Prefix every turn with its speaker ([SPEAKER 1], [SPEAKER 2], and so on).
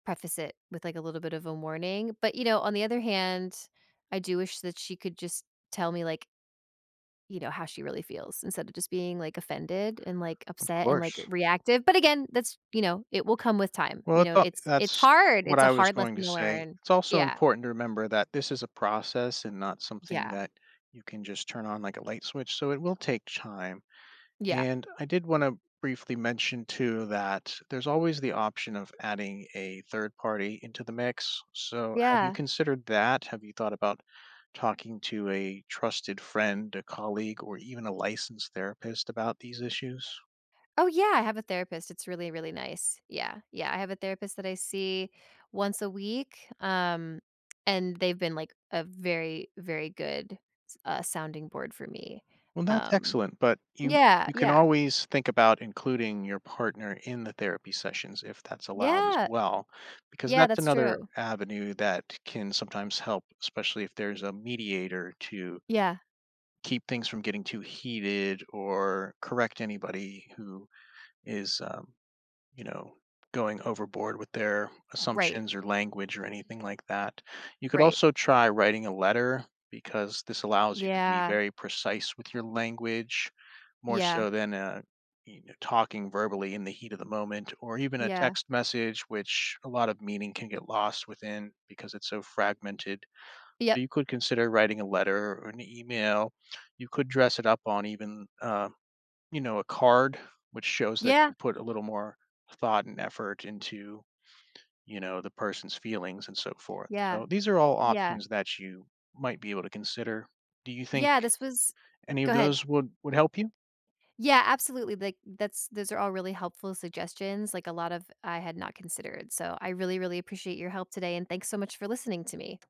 [SPEAKER 1] Preface it with, like, a little bit of a warning, but, you know, on the other hand, I do wish that she could just tell me, like you know, how she really feels instead of just being, like, offended and, like,
[SPEAKER 2] Of
[SPEAKER 1] upset and, like, r
[SPEAKER 2] course.
[SPEAKER 1] reactive, but, again, that's you know, it will come with time,
[SPEAKER 2] Well,
[SPEAKER 1] you
[SPEAKER 2] it's
[SPEAKER 1] know,
[SPEAKER 2] al
[SPEAKER 1] it's it's
[SPEAKER 2] that's
[SPEAKER 1] hard,
[SPEAKER 2] what
[SPEAKER 1] it's a
[SPEAKER 2] I was
[SPEAKER 1] hard
[SPEAKER 2] going to
[SPEAKER 1] lesson to
[SPEAKER 2] say.
[SPEAKER 1] learn,
[SPEAKER 2] It's also
[SPEAKER 1] yeah.
[SPEAKER 2] important to remember that this is a process and not something
[SPEAKER 1] Yeah.
[SPEAKER 2] that you can just turn on like a light switch, so it will take chime.
[SPEAKER 1] Yeah.
[SPEAKER 2] And I did wanna briefly mention too that there's always the option of adding a 3rd party into the mix, so have you
[SPEAKER 1] Yeah.
[SPEAKER 2] considered that? Have you thought about talking to a trusted friend, a colleague, or even a licensed therapist about these issues?
[SPEAKER 1] Oh, yeah, I have a therapist, it's really, really nice. Yeah, yeah, I have a therapist that I see once a week, um, and they've been, like, a very, very good s uh sounding board for me,
[SPEAKER 2] Well, that's
[SPEAKER 1] um
[SPEAKER 2] excellent, but you
[SPEAKER 1] Yeah,
[SPEAKER 2] you can
[SPEAKER 1] yeah.
[SPEAKER 2] always think about including your partner in the therapy sessions if that's allowed as
[SPEAKER 1] Yeah.
[SPEAKER 2] well, because
[SPEAKER 1] Yeah,
[SPEAKER 2] that's
[SPEAKER 1] that's
[SPEAKER 2] another
[SPEAKER 1] true.
[SPEAKER 2] avenue that can sometimes help, especially if there's a mediator to
[SPEAKER 1] Yeah.
[SPEAKER 2] keep things from getting too heated or correct anybody who is, um, you know, going overboard with their
[SPEAKER 1] Right.
[SPEAKER 2] assumptions or language or anything like that. You could
[SPEAKER 1] Right.
[SPEAKER 2] also try writing a letter because this allows you to be
[SPEAKER 1] Yeah.
[SPEAKER 2] very precise with your language more
[SPEAKER 1] Yeah.
[SPEAKER 2] so than, uh, you kn talking verbally in the heat of the moment or even a
[SPEAKER 1] Yeah.
[SPEAKER 2] text message, which a lot of meaning can get lost within because it's so fragmented.
[SPEAKER 1] Yep.
[SPEAKER 2] You could consider writing a letter or an email. You could dress it up on even, uh, you know, a card, which shows that
[SPEAKER 1] Yeah.
[SPEAKER 2] you put a little more thought and effort into, you know, the person's feelings and so forth,
[SPEAKER 1] Yeah.
[SPEAKER 2] so these are all
[SPEAKER 1] Yeah.
[SPEAKER 2] options that you might be able to consider. Do you think
[SPEAKER 1] Yeah, this was
[SPEAKER 2] any of
[SPEAKER 1] Go ahead.
[SPEAKER 2] those would would help you?
[SPEAKER 1] Yeah, absolutely, like, that's those are all really helpful suggestions, like, a lot of I had not considered, so, I really, really appreciate your help today, and thanks so much for listening to me.